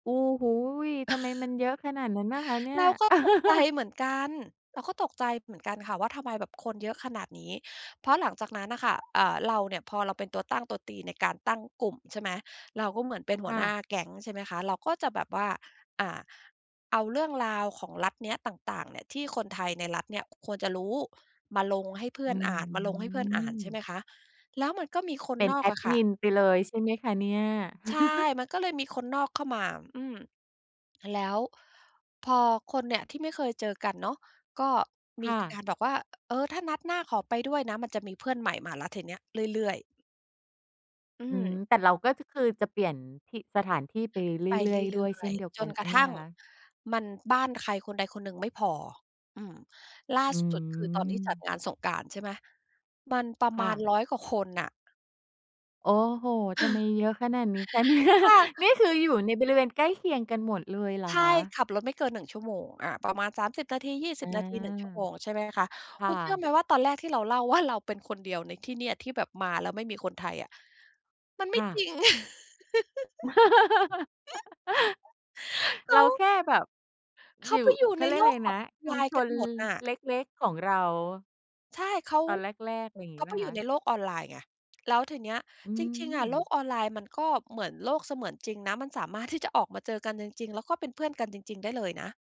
โอ้โฮ! ทำไมมันเยอะขนาดนั้นอะคะเนี่ย เราก็ตก ใจ เหมือนกัน เราก็ตกใจเหมือนกันค่ะ ว่าทำไมแบบคนเยอะขนาดนี้ เพราะหลังจากนั้นอะค่ะ อ่า เราเนี่ย พอเราเป็นตัวตั้งตัวตีในการตั้งกลุ่ม ใช่ไหม เราก็เหมือนเป็นหคัว่หน้ะ าแก๊ง ใช่ไหมคะ เราก็จะแบบว่า อ่า เอาเรื่องราวของรัฐเนี้ยต่าง ๆ เนี่ย ที่คนไทยในรัฐเนี่ยควรจะรู้ มาลงให้เพื่ออืนอ่าน มาลงให้เพื่อนอ่าน ใช่ไหม มคะ แล้วมันก็มีคเนป็นนอแกออดะคม่ะ ินไปเลยใช่ไหมคะเนี่ย? ใช่ มันก็เลยมีคนนอกเข้ามา อืม แล้วพอคนเนี่ยที่ไม่เคยเจอกันเนาะ ก็มคี่ะ การแบบว่า เออ ถ้านัดหน้าขอไปด้วยนะ มันจะมีเพื่อนใหม่มาแล้วทีนี้เรื่อย ๆ อือืม ม แต่เราก็จะ คือจะเปลี่ยน ที่ สถานที่ไปไปเรเื่อย ๆ รดื้่วย เอช่ย นเดียวๆ จกันนใกชร่ะไหทมั่งคะ? มัน บ้านใครคนใดคนหนึ่งไม่พอ อืม ล่าอืสุด คือตอนที่จัดม งานสงกรานต์ ใช่ไหม มันประคม่าณ ะ 100 กว่าคนน่ะ โอ้โฮ! ทำไมเยอะขนาดนี้คะ เนี่ย [unintelligible] นี่คืออยู่ในบริเวณใกล้เคียงกันหมดเลยเหรอใช่ คะ? ขับรถไม่เกิน 1 ชั่วโมง อ่า ประมาณ 30 นาที ยี่อสิา บ นาที 1 ชั่วโมง ใช่ไหมคะ คคุ่ณเชื่อไะ หม ว่าตอนแรกที่เราเล่า ว่า เราเป็นคนเดียวในที่เนี่ย ที่แบบมาแล้วไม่มีคนไทยอะ มันไคม่่จะ ริง เขเราา แค่แบบ เขอยาู่ ไปอยู่เขใานเรียกโลอะไรกขนอะ งชไุลมนช์กันน ล หมดน่ะ เล็ก ๆ ของเรา ใช่ เขา ตอนแรก ๆ อย่างงเีข้าไหมไปอคยูะ? ่ในโลกออนไลน์ไง แล้วทีเนี้ย อืจริง ๆ อะโลม กออนไลน์ มันก็เหมือนโลกเสมือนจริงนะ มันสามารถที่ จะ ออกมาเจอกันจริง ๆ แล้วก็เป็นเพื่อนกันจริง ๆ ได้เลยนะ